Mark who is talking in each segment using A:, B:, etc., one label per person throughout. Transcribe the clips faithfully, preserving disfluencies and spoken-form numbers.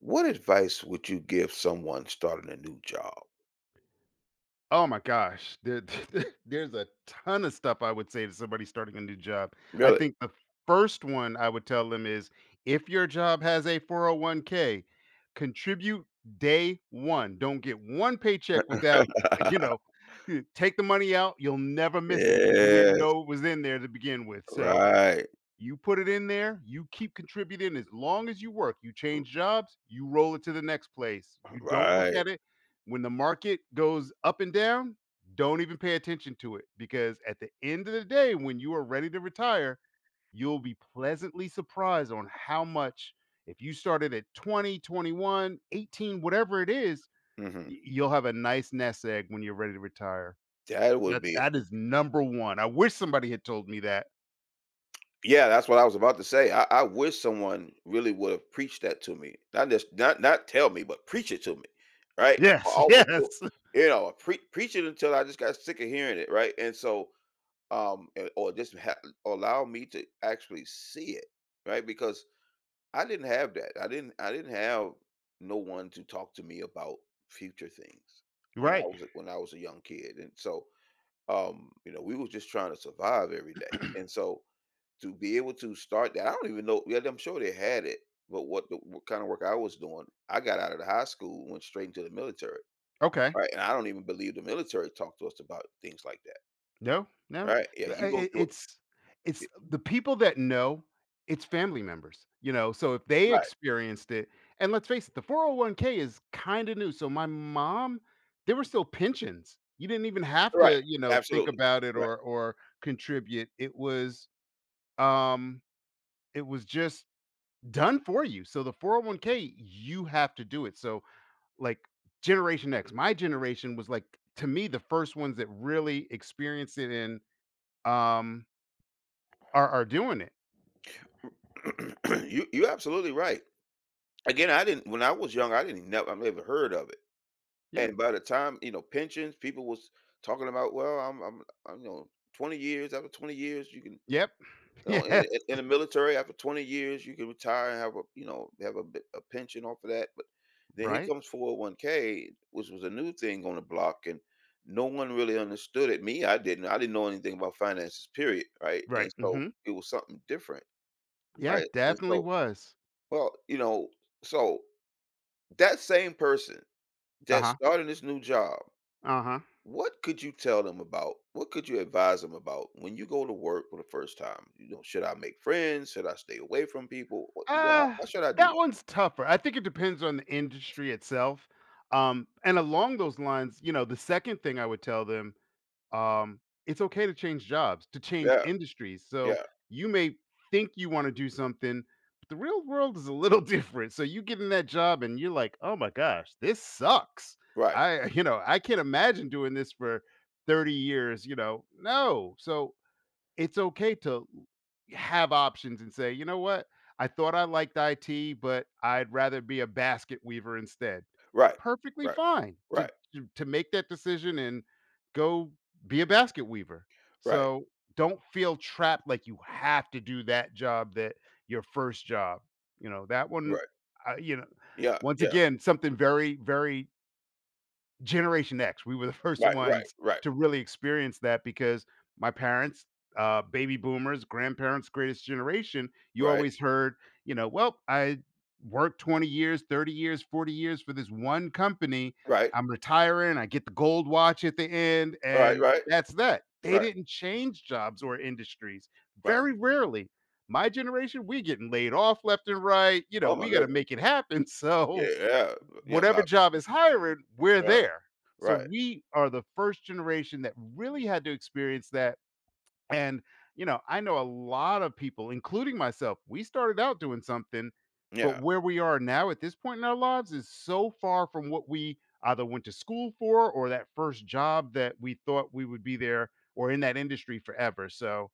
A: What advice would you give someone starting a new job?
B: Oh my gosh. There th th there's a ton of stuff I would say to somebody starting a new job. I
A: Really?
B: think the first one I would tell them is, "If your job has a 401k, contribute day one. Don't get one paycheck without, you know eh, take the money out, you'll never miss it, 'cause you didn't
A: Yes.
B: know it was in there to begin with. So,
A: Right.
B: you put it in there, you keep contributing as long as you work. You
A: R
B: change jobs, you roll it to the next place. You don't look
A: Right.
B: at it. When the market goes up and down, don't even pay attention to it, because at the end of the day, when you are ready to retire, you'll be pleasantly surprised on how much If you started at twenty, twenty-one, eighteen, whatever it is,
A: Mhm.
B: y you'll have a nice nest egg when you're ready to retire.
A: That would
B: That
A: be
B: that is number one. I wish somebody had told me that.
A: Yeah, that's what I was about to say, I I wish someone really would've preached that to me. Not just not not tell me, but preach it to me, right?
B: Yes,
A: Almost go
B: yes!
A: you know, pre preach it until I just got sick of hearing it, right? And so, um, an or just ha allow me to actually see it, right? Because I didn't have that I didn't I didn't have no one to talk to me about future things when I
B: Right.
A: was a when I was a young kid, and so, um, you know, we was just trying to survive every day. And so, to be able to start that I don't even know yeah, I'm sure they had it, wh what the w the kinda work I was doing, I got outta the high school, went straight into the military,
B: Okay.
A: right? And I don't even believe the military talked to us about things like that
B: No, no.
A: right. Yeah,
B: But, I I
A: you go
B: it
A: through it
B: it's
A: Ye
B: it's the people that know, it's family members, you know, so if they
A: Right.
B: experienced it And let's face it, the 401k is kinda new, so my mom, there were still pensions. You didn't even have
A: Right,
B: to, you know, think
A: absolutely,
B: about it
A: right.
B: or or contribute. It was, um, it was just done for you. So, the 401k, you have to do it, so, like, Generation X, my generation was, like, to me, the first ones that really experienced it and, um are are doing it.
A: You you absolutely right. Again, I didn't When I was young, I didn't even ne I've never heard of it.
B: Yeah.
A: And by the time you know, pensions, people was talking about "Well, I'm I'm I'm you know, twenty years, after twenty years you can," you
B: Yep.
A: know, "in
B: Yes.
A: in in the military, after twenty years you can retire and have a, you know, have a bit, a pension off of that." But then here
B: Right.
A: comes 401k, which was a new thing on the block, and no one really understood it. Me, I didn't, I didn't know anything about finances, period, right? And
B: Right,
A: so
B: mhm.
A: it was something different,
B: Yeah,
A: right?
B: it
A: And
B: definitely
A: so
B: was.
A: well, you know, so, that same person that's
B: Uh-huh.
A: starting this new job
B: Uh-huh.
A: what could you tell them about what could you advise them about when you go to work for the first time, you know, should I make friends? Should I stay away from people? What you h how
B: Uh,
A: how should I do
B: that
A: that?
B: one's tougher. I think it depends on the industry itself. Um, and along those lines, you know, the second thing I would tell them, um, "It's okay to change jobs, to change
A: Yeah.
B: industries." So,
A: Yeah.
B: you may think you wanna do something, but the real world is a little different. So, you get in that job and you're, like, "Oh my gosh, this sucks.
A: Right.
B: I, you know, I can't imagine doing this for thirty years," you know, no, so, it's okay to l have options and say, "You know what? I thought I liked IT, but I'd rather be a basket weaver instead."
A: Right.
B: Perfectly
A: Right.
B: fine
A: Right.
B: to to to make that decision and go be a basket weaver.
A: Right.
B: So, don't feel trapped like you have to do that job that your first job. You know, that one,
A: Right.
B: uh, you know,
A: Yeah,
B: once
A: yeah.
B: again, something very, very Generation X. We were the first
A: Right, right,
B: ones
A: right.
B: to really experience that, because my parents uh, baby boomers, grandparents- greatest generation you
A: Right.
B: always heard, you know, "Well, I worked twenty years, thirty years, forty years for this one company.
A: Right.
B: I'm retiring, I get the gold watch at the end,
A: Right,
B: and
A: right.
B: that's that." They
A: Right.
B: didn't change jobs or industries.
A: Right.
B: Very rarely. My generation, we getting laid off left and right, you know?
A: Oh, my
B: We gotta
A: goodness.
B: make it happen, so
A: Yeah,
B: w
A: yeah. Yeah,
B: whatever
A: about
B: job is hiring, we're
A: Right.
B: there. So
A: Right.
B: we are the first generation that really had to experience that, and, you know, I know a lot of people, including myself, we started out doing something, but
A: Yeah.
B: where we are now, at this point in our lives, is so far from what we either went to school for, or that first job that we thought we would be there, or in that industry forever, so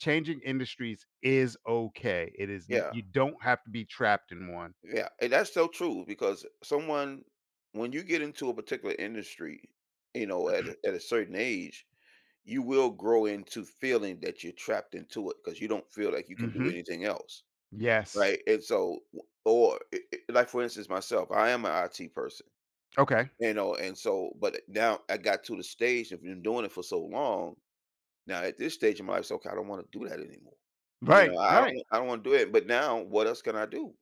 B: changing industries is okay. It is n
A: Yeah.
B: you don't have to be trapped in one.
A: Yeah, and that's so true, because someone when you get into a particular industry, you know, at a at a certain age, you will grow into feeling that you're trapped into it, 'cause you don't feel like you can do
B: Mhm.
A: anything else,
B: Yes.
A: right, and so, w or i i like, for instance, myself, I am an IT person.
B: Okay.
A: You know, and so but i now, I got to the stage I've been doing it for so long, now at this stage, I'm like, "So, okay, I don't wanna do that anymore." You
B: Right.
A: know, I I
B: Right.
A: don't I don't wanna do it, but now, what else can I do?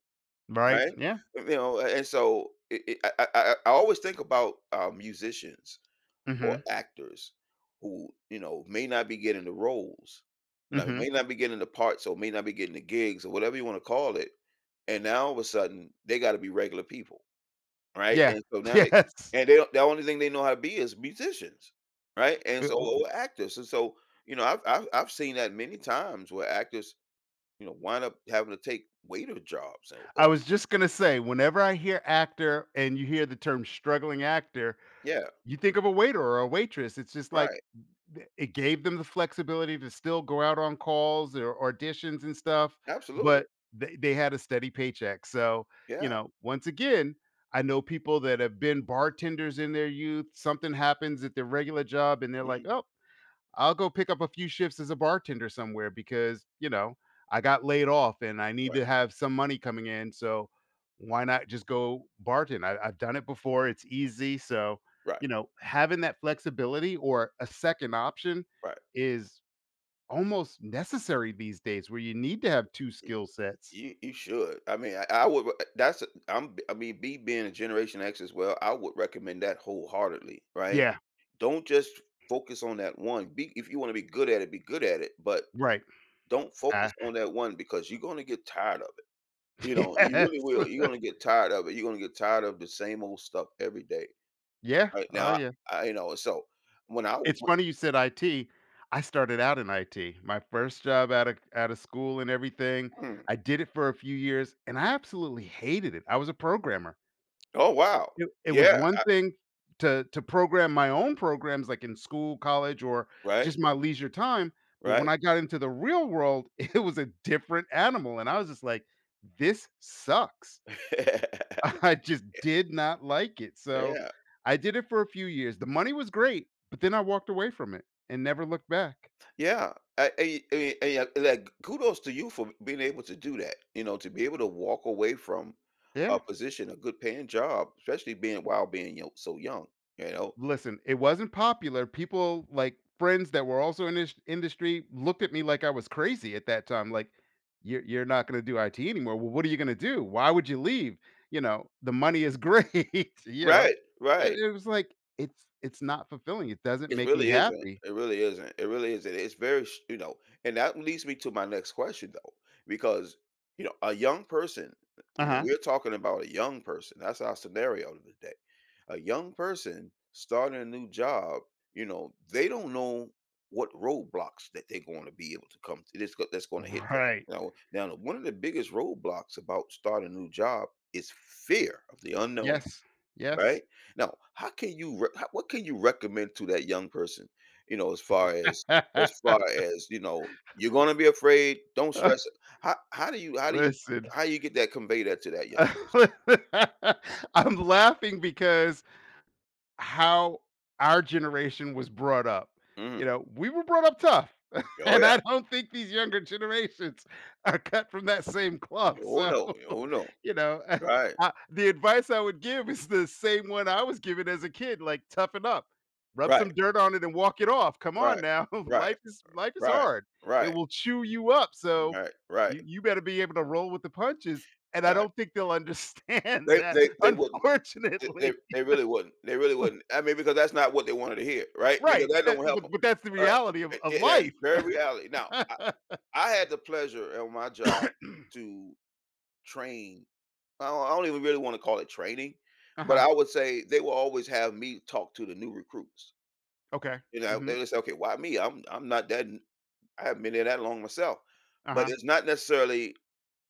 B: Right.
A: Right?
B: Yeah.
A: Y you know, a and so, it it I I I I always think about, uh, musicians or
B: Mhm.
A: actors, who, you know, may not be getting the roles. Now, they
B: Mhm.
A: may not be getting the parts, or may not be getting the gigs, or whatever you wanna call it, and now, all of a sudden, they gotta be regular people, right,
B: Yeah.
A: and so now they
B: Yes.
A: and they don't the only thing they know how to be is musicians, right, and
B: Eh
A: so
B: w
A: o
B: uh
A: or actors, and so, you know, I've I've I've seen that many times where actors, you know, wind up having to take waiter jobs, and,
B: I
A: uh
B: was just gonna say, whenever I hear actor, and you hear the term, "struggling actor,"
A: Yeah.
B: you think of a waiter or a waitress, it's just, like
A: Right.
B: n th it gave them the flexibility to still go out on calls, or auditions and stuff,
A: Absolutely.
B: but they they had a steady paycheck, so, you
A: Yeah.
B: know, once again, I know people that have been bartenders in their youth, something happens at their regular job, and they're like,
A: Hmm.
B: "Oh, I'll go pick up a few shifts as a bartender somewhere because, you know, I got laid off and I need
A: Right.
B: to have some money coming in, so why not just go bartend? I I've done it before, it's easy," so,
A: Right.
B: you know, having that flexibility, or a second option,
A: Right.
B: is almost necessary these days where you need to have two
A: Y y
B: skill sets.
A: you you should. I mean, I I would, but i that's a I'm I mean, me being a Generation X as well, I would recommend that wholeheartedly, right?
B: Yeah.
A: Don't just focus on that one. Be if you wanna be good at it, be good at it, but
B: Right.
A: don't focus
B: I
A: on that one, because you're gonna get tired of it. You know, you
B: Yes.
A: really will. You're gonna get tired of it. You're gonna get tired of the same old stuff every day,
B: Yeah.
A: right?
B: Oh,
A: Now,
B: yeah.
A: I and, you know, and so, when I w
B: It's
A: w
B: funny you said IT. I started out in IT. My first job out of c out of school and everything.
A: Hmm.
B: I did it for a few years, and I absolutely hated it. I was a programmer.
A: Oh, wow.
B: It it was
A: Yeah,
B: one
A: I
B: thing to to program my own programs, like, in school, college, or
A: Right.
B: just my leisure time, but when
A: Right.
B: I got into the real world, it was a different animal, and I was just like, "This sucks."
A: Yeah.
B: I just did not like it, so
A: Yeah.
B: I did it for a few years the money was great, but then I walked away from it, and never looked back.
A: Yeah. I and y and y and y and, like, k kudos to you for b being able to do that. You know, to be able to walk away from
B: Yeah.
A: a position, a good-paying job, especially being while being you so young, you
B: L
A: know?
B: listen, it wasn't popular. People like, friends that were also in this industry looked at me like I was crazy at that time, like, "You're you're not gonna do IT anymore, well, what are you gonna do? Why would you leave?" You know, the money is great, you know,
A: Right.
B: and
A: Right.
B: it was like, "It's it's not fulfilling, it doesn't
A: It's
B: make me
A: really isn't.
B: happy."
A: It really isn't. It really isn't. It's very s you know, and that leads me to my next question, though, because, you know, a young person you know,
B: Uh-huh.
A: we're talking about a young person, that's our scenario of the day. A young person starting a new job, you know, they don't know what roadblocks that they're going to be able to come to, that's go that's gonna hit them,
B: Right.
A: you know? Now, the one of the biggest roadblocks about starting a new job is fear of the unknown.
B: Yes. Yes.
A: Right? Now, how can you re how what can you recommend to that young person, you know, as far as as far as, you know, "You're gonna be afraid, don't stress it." How how do you how do you
B: Listen
A: how do you get that convey that to that young person?
B: I'm laughing because how our generation was brought up. You
A: Mm.
B: know, we were brought up tough,
A: Oh,
B: and
A: yeah.
B: I don't think these younger generations are cut from that same cloth,
A: Oh,
B: so,
A: no. Oh, no.
B: you know. Uh
A: Right.
B: uh, the advice I would give is the same one I was given as a kid, like, "Toughen up. Rub
A: Right.
B: some dirt on it and walk it off, come on
A: Right.
B: now.
A: Right. R
B: Life is life is
A: right.
B: hard. It
A: Right.
B: will chew you up, so
A: Right, right.
B: you you better be able to roll with the punches," and I
A: Right.
B: don't think they'll understand
A: They
B: that,
A: they they wouldn't. They they
B: unfortunately.
A: they really wouldn't. They really wouldn't. I mean, because that's not what they wanted to hear, right, because
B: Right.
A: that
B: Eh,
A: don't help
B: but
A: 'em.
B: but that's the
A: Right,
B: reality of
A: and
B: of
A: and that's
B: life.
A: very reality now, I I had the pleasure at my job to train I don't I don't even really wanna call it training, but
B: Uh-huh.
A: I would say they would always have me talk to the new recruits.
B: Okay.
A: You know, I
B: Mhm.
A: they would say, "Okay, why me? I'm I'm not that n I haven't been here that long myself," but
B: Uh-huh.
A: it's not necessarily,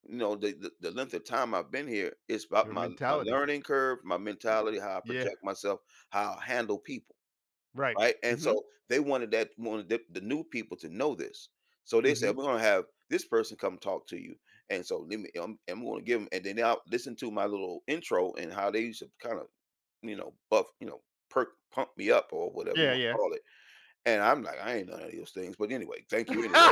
A: you know, the the the length of time I've been here, it's about
B: Your
A: my my
B: mentality.
A: learning curve, my
B: Y
A: mentality, how I
B: yeah.
A: project myself, how I handle people,
B: Right,
A: right, and
B: mhm.
A: so, they wanted that wanted the the new people to know this, so they
B: Mhm.
A: said, "We're gonna have this person come talk to you," and so, "Let me I'm I'm gonna give 'em" and then they all listen to my little intro and how they used to, kind of, you know, buff you know, perk, pump me up, or whatever you
B: Yeah,
A: wanna
B: yeah.
A: call it, and I'm like, "I ain't none of those things, but anyway, thank you anyway."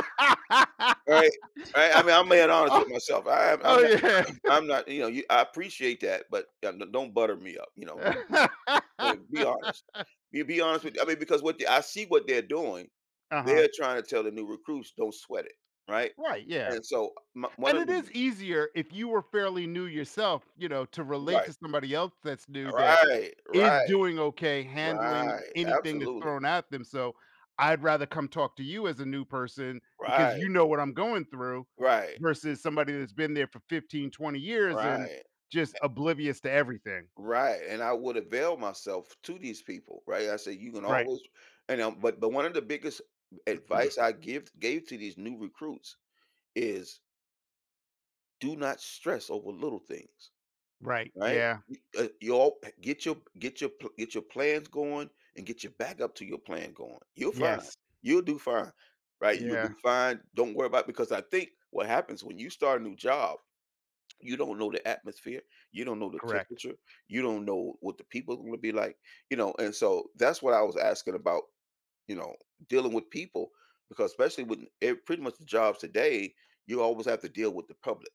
A: Right? Right, I mean, I'm being honest
B: Oh oh
A: with myself, I am I'm
B: oh,
A: not
B: yeah.
A: I'm not you know you I appreciate that, but, uh, don't don't butter me up, you know? Don't do that. Like, be honest. Be be honest with I mean, because what they I see what they're doing.
B: Uh-huh.
A: They're trying to tell the new recruits, "Don't sweat it," right,
B: Right, yeah,
A: and so o m one
B: and
A: of
B: it
A: the b
B: is easier if you are fairly new yourself, you know, to relate to
A: Right.
B: somebody else that's new that
A: Right.
B: is
A: Right.
B: doing okay handling
A: Right.
B: anything that's
A: Absolutely.
B: thrown at them, so I'd rather come talk to you as a new person, because
A: Right.
B: you know what I'm going through,
A: Right.
B: versus somebody that's been there for fifteen, twenty years, and
A: Right,
B: just
A: a
B: oblivious to everything.
A: Right, and I would avail myself to these people, right? I say, "You can
B: Right.
A: always" and, um but but one of the biggest advice I give gave to these new recruits is Do not stress over little things,
B: Right.
A: right?
B: Yeah.
A: We, uh y'all p get your get your pl get your plans going and get your backup to your plan going, you're fine,
B: Yes.
A: you'll do fine. Right, you will
B: Yeah.
A: do fine, don't worry about, because I think what happens when you start a new job, you don't know the atmosphere, you don't know the
B: Correct.
A: temperature, you don't know what the people are gonna be like, you know? And so that's what I was asking about, you know, dealing with people, because especially with e pretty much the jobs today, you always have to deal with the public.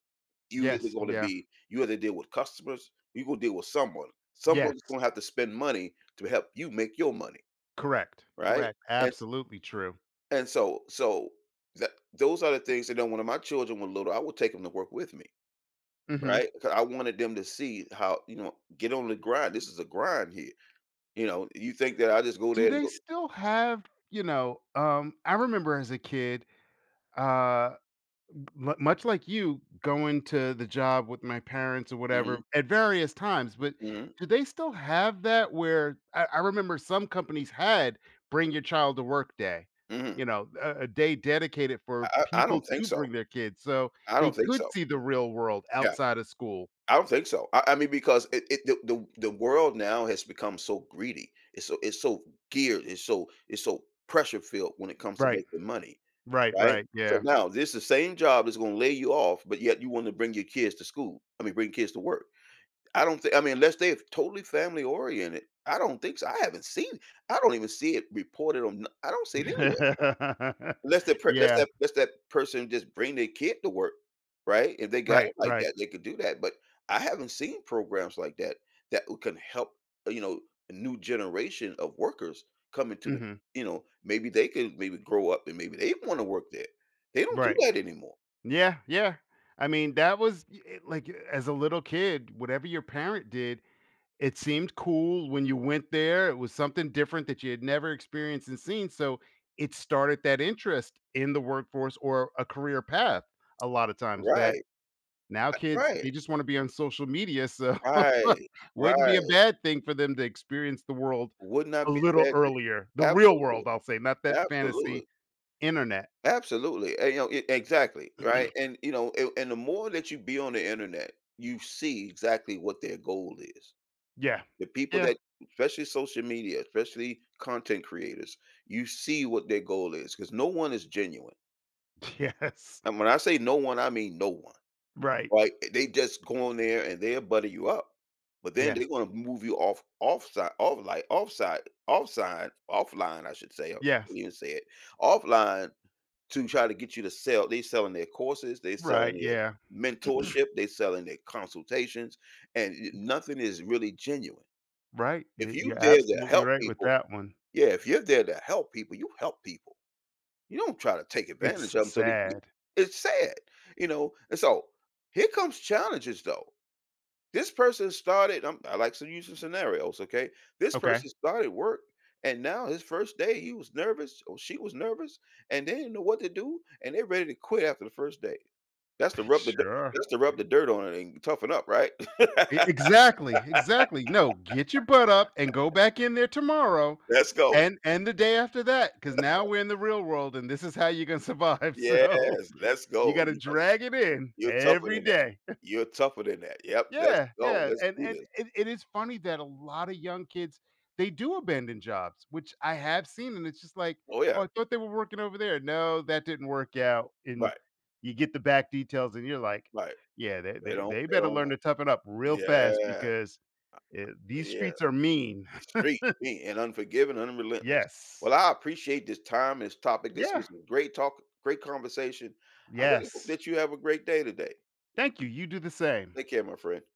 A: You either
B: Yes,
A: gonna
B: yeah.
A: be you either deal with customers or you gonna deal with someone. Someone's
B: Yes.
A: gonna have to spend money to help you make your money,
B: Correct,
A: right?
B: correct,
A: And
B: absolutely true.
A: and so so tha those are the things that you know, when my children were little, I would take 'em to work with me,
B: Mhm.
A: right? 'Cau I wanted them to see how you know, get on the grind, this is a grind here, you know? You think that I just go
B: Do
A: there and
B: they
A: go
B: still have, you know, um I remember as a kid, uh m much like you, going to the job with my parents or
A: Mhm.
B: whatever- at various times- but
A: Mhm.
B: do they still have that where I I remember some companies had Bring Your Child to Work Day,
A: Mhm.
B: you know, a a day dedicated for
A: I I I
B: people
A: don't think
B: to
A: so.
B: bring their kids, so
A: I
B: they
A: don't think
B: could
A: so.
B: see the real world
A: Yeah.
B: outside of school.
A: I don't think so, I I mean, because it it the the the world now has become so greedy. It's so it's so geared, it's so it's so pressure-filled when it comes to
B: Right.
A: making money,
B: Right,
A: right?
B: right,
A: So,
B: yeah.
A: now this the same job that's gonna lay you off, but yet you wanna bring your kids to school I mean, bring kids to work. I don't thi I mean, unless they're totally family-oriented, I don't think so. I haven't seen I don't even see it reported on I don't see it anywhere. Unless that per less
B: Yeah.
A: that less that person just bring their kid to work, right? If they got
B: Right,
A: it like
B: right.
A: that, they could do that, but I haven't seen programs like that, that, ooh can help, you know, a new generation of workers come into the
B: Mhm.
A: You know, maybe they could, maybe, grow up and maybe they'd wanna work there. They don't do
B: Right.
A: that anymore.
B: Yeah, yeah. I mean, that was, i eh, like, as a little kid, whatever your parent did, it seemed cool when you went there, it was something different that you'd never experienced and seen, so it started that interest in the workforce or a career path a lotta times that
A: Right.
B: Now
A: A
B: kids, they
A: right.
B: just wanna be on social media, so
A: Right,
B: wouldn't be a
A: right.
B: bad thing for them to experience the world
A: Would
B: a
A: not be a
B: little
A: bad thing.
B: earlier. The real
A: Absolutely.
B: world, I'll say, not that fantasy
A: Absolutely.
B: internet.
A: Absolutely, and, you know e exactly, right? And, you know, and and the more that you be on the internet, you see exactly what their goal is.
B: Yeah.
A: The people
B: Yeah.
A: that especially social media, especially content creators, you see what their goal is 'cause no one is genuine.
B: Yes.
A: And when I say no one, I mean no one.
B: Right.
A: Right? They just go on there and they'll butter you up, but then
B: Yes.
A: they gonna move you off, offsi off, like offsite, offsides offline, I should say I
B: Yes.
A: even said it offline to try to get you to sell. They selling their courses, they
B: Right,
A: selling their
B: yeah.
A: mentorship, they selling their consultations, and n nothing is really genuine.
B: Right.
A: If
B: Y
A: you
B: you're
A: there to
B: absolutely
A: help
B: right with
A: people,
B: that one.
A: yeah, if you're there to help people, you help people. You don't try to take
B: It's
A: advantage
B: s
A: of them so they can get
B: sad.
A: It's sad, you know, and so, here comes challenges, though. This person started, um, I like some using scenarios, okay? This person
B: Okay.
A: started work, and now his first day he was nervous or she was nervous, and they didn't know what to do, and they're ready to quit after the first day. That's the rub the d
B: Sure.
A: that's to rub the dirt on it and toughen up, right?
B: E exactly. Exactly, "No, get your butt up and go back in there tomorrow,
A: Let's go.
B: and and the day after that, 'cause now we're in the real world, and this is how you're gonna survive, so
A: Yes. Let's
B: you
A: go.
B: gotta
A: You hu
B: drag it in,
A: you're tougher
B: every
A: than that.
B: day."
A: You're tougher than that. Yep. Let's
B: Yeah.
A: go.
B: Yeah,
A: Let's
B: and
A: do
B: and
A: this.
B: it it is funny that a lotta young kids, they do abandon jobs, which I have seen, and it's just like,
A: Oh, yeah.
B: "Oh, I thought they were working over there." No, that didn't work out, and
A: Right.
B: you get the back details and you're like,
A: Right.
B: "Yeah, they
A: They
B: they
A: don't
B: they
A: they
B: better
A: don't
B: learn
A: want
B: to toughen up real fast
A: yeah.
B: because, eh, these
A: Yeah.
B: streets are mean."
A: Street, mean and unforgiving and relentless. Well,
B: Yes.
A: I appreciate this time, this topic. This
B: Yeah.
A: was a great talk, great conversation. I really hope
B: Yes.
A: that you have a great day today.
B: Thank you, you do the same.
A: Take care, my friend.